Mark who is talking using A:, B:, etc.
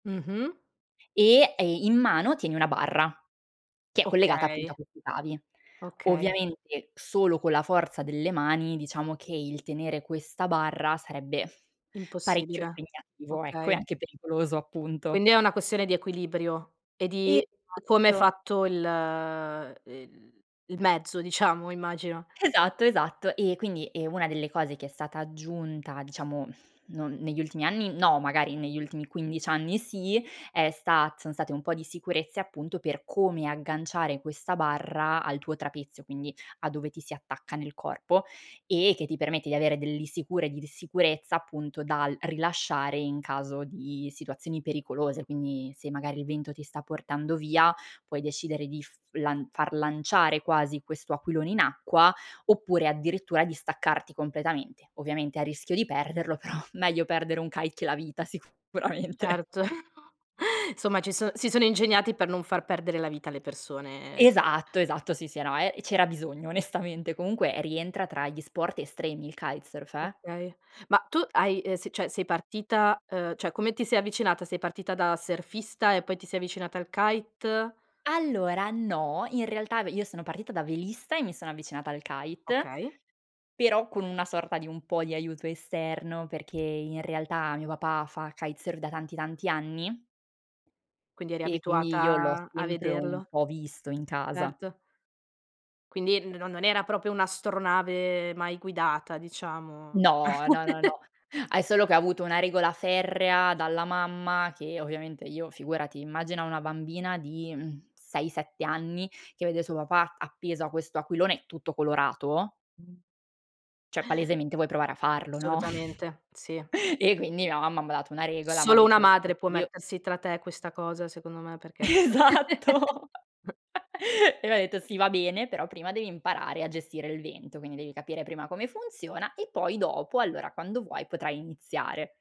A: Mh-mh.
B: E, ehm, in mano tieni 1 barra, che è collegata appunto
A: Okay.
B: a questi cavi.
A: Okay.
B: Ovviamente, solo con la forza delle mani, diciamo che, il tenere questa barra, sarebbe parecchio
A: Impossibile,
B: impegnativo, ecco, e
A: okay.
B: anche pericoloso, appunto.
A: Quindi, è una questione di equilibrio, e di come è
B: Esatto.
A: fatto il el il mezzo, diciamo, immagino.
B: Esatto, esatto. Ehm, quindi, ehm, 1 delle cose che è stata aggiunta diciamo, non negli ultimi anni, no, magari, negli ultimi 15 anni sì, è stat sono state un po' di sicurezze, appunto, per come agganciare questa barra al tuo trapezio, quindi, a dove ti si attacca nel corpo, e che ti permette di avere delle sicure di di sicurezza, appunto, dal rilasciare in caso di situazioni pericolose. Quindi, se magari il vento ti sta portando via, puoi decidere di f lan far lanciare, quasi, questo aquilone in acqua, oppure, addirittura, di staccarti completamente; ovviamente a rischio di perderlo, però, meglio perdere un kite che la vita, sicuramente.
A: Certo, insomma ci sono si sono ingegnati per non far perdere la vita alle persone
B: Esatto, esatto, sì, sì, eh no, e e c'era bisogno, onestamente. Comunque, rientra tra gli sport estremi il kitesurf, eh.
A: Okay, ma tu hai ehm, se cioè, sei partita ehm, cioè, come ti sei avvicinata, sei partita da surfista, e poi ti sei avvicinata al kite?
B: Allora, no, in realtà ve io sono partita da velista, e mi sono avvicinata al kite,
A: Okay.
B: però, con una sorta di un po' di aiuto esterno, perché in realtà, mio papà fa kitesurf, da tanti, tanti anni
A: Quindi eri
B: e quindi, io l'ho
A: abituata, a
B: sempre un
A: vederlo.
B: po' visto, in casa.
A: Erto. Quindi n non non era proprio un'astronave, mai guidata, diciamo.
B: No, no, no, no. Hai solo che ha avuto una regola ferrea, dalla mamma, che ovviamente io, figurati, immagina una bambina di, mhmm, 6, 7 anni, che vede suo papà, appeso a questo aquilone, tutto colorato cioè, palesemente vuoi provare a farlo, no?
A: Assolutamente, sì.
B: E quindi la mamma m'ha dato una regola, m'ha
A: Solo
B: dett
A: una
B: [unintelligible]
A: madre può
B: "Io"
A: mettersi tra te questa cosa, secondo me, perché
B: Esatto! E m'ha detto: "Sì, va bene, però prima devi imparare a gestire il vento, quindi, devi capire prima come funziona, e poi, dopo, allora, quando vuoi, potrai iniziare".